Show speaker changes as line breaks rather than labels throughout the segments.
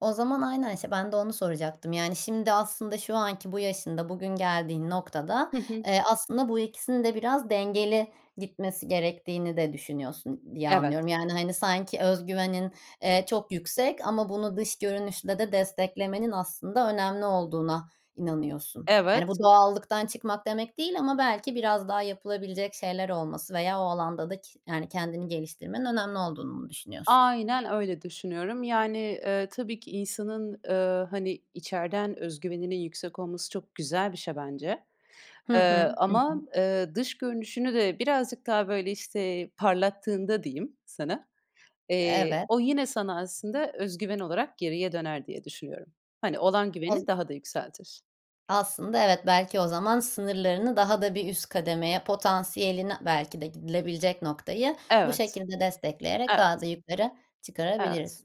O zaman, aynen, işte, ben de onu soracaktım. Yani, şimdi aslında, şu anki bu yaşında, bugün geldiğin noktada,
Hı hı.
eee, aslında bu ikisinin de biraz dengeli gitmesi gerektiğini de düşünüyorsun diye
Evet.
anlıyorum. Yani, hani, sanki öz güveni, eee, çok yüksek ama bunu dış görünüşle de desteklemenin aslında önemli olduğuna inanıyorsun. Yani, bu
Evet.
doğallıktan çıkmak demek değil ama belki biraz daha yapılabilecek şeyler olması veya o alanda da ki yani kendini geliştirmenin önemli olduğunu mu düşünüyorsun?
Aynen öyle düşünüyorum. Yani, ııı, tabii ki insanın, ııı, hani içeriden öz güveninin yüksek olması çok güzel bir şey bence.
Hı
Iıı,
hı. Hı
ama,
hı.
ııı, dış görünüşünü de birazcık daha böyle işte parlattığında diyeyim sana, eee,
Evet.
o yine sana aslında öz güven olarak geriye döner diye düşünüyorum. Hani, olan
Oz
güveni daha da yükseltir.
Aslında, evet, belki o zaman sınırlarını daha da bir üst kademeye potansiyeline belki de gidilebilecek noktayı bu
Evet.
şekilde destekleyerek daha da
Evet.
yukarı
Evet.
çıkarabiliriz.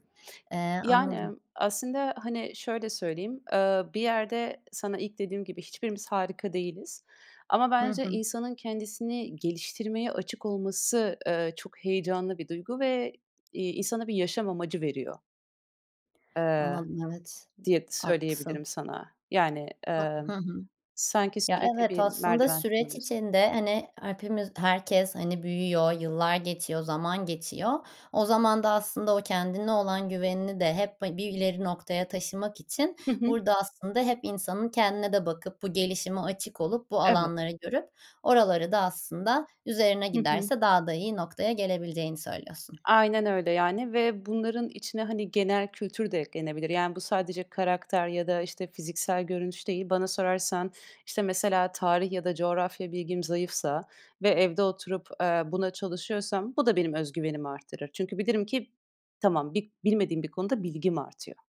Eee, anladım.
Yani, aslında hani şöyle söyleyeyim, aaa, bir yerde sana ilk dediğim gibi, hiçbirimiz harika değiliz. Ama
Hı
bence
hı.
insanın kendisini geliştirmeye açık olması, ııı, çok heyecanlı bir duygu ve, iii, insana bir yaşam amacı veriyor. Iıı,
Anladım evet, ı
diye
Haklısın.
söyleyebilirim sana. Yani,
Ha Hı
ımm,
hı.
sanki
Ya,
sürekli
evet,
bir
aslında
merdiven
süreç
tırmanıyorsun.
içinde, hani, hepimiz, herkes hani büyüyor, yıllar geçiyor, zaman geçiyor. O zaman da aslında o kendine olan güvenini de hep ha bir ileri noktaya taşımak için
Hı hı.
burada aslında hep insanın kendine de bakıp, bu gelişime açık olup, bu
Evet.
alanları görüp, oraları da aslında üzerine
Hı hı.
giderse daha da iyi noktaya gelebileceğini söylüyorsun.
Aynen öyle yani, ve bunların içine hani genel kültür de eklenebilir. Yani bu sadece karakter ya da işte fiziksel görünüş değil. Bana sorarsan, işte mesela tarih ya da coğrafya bilgim zayıfsa ve evde oturup, aaa, buna çalışıyorsam, bu da benim öz güvenimi artırır. Çünkü bilirim ki tamam bi bilmediğim bir konuda bilgim artıyor.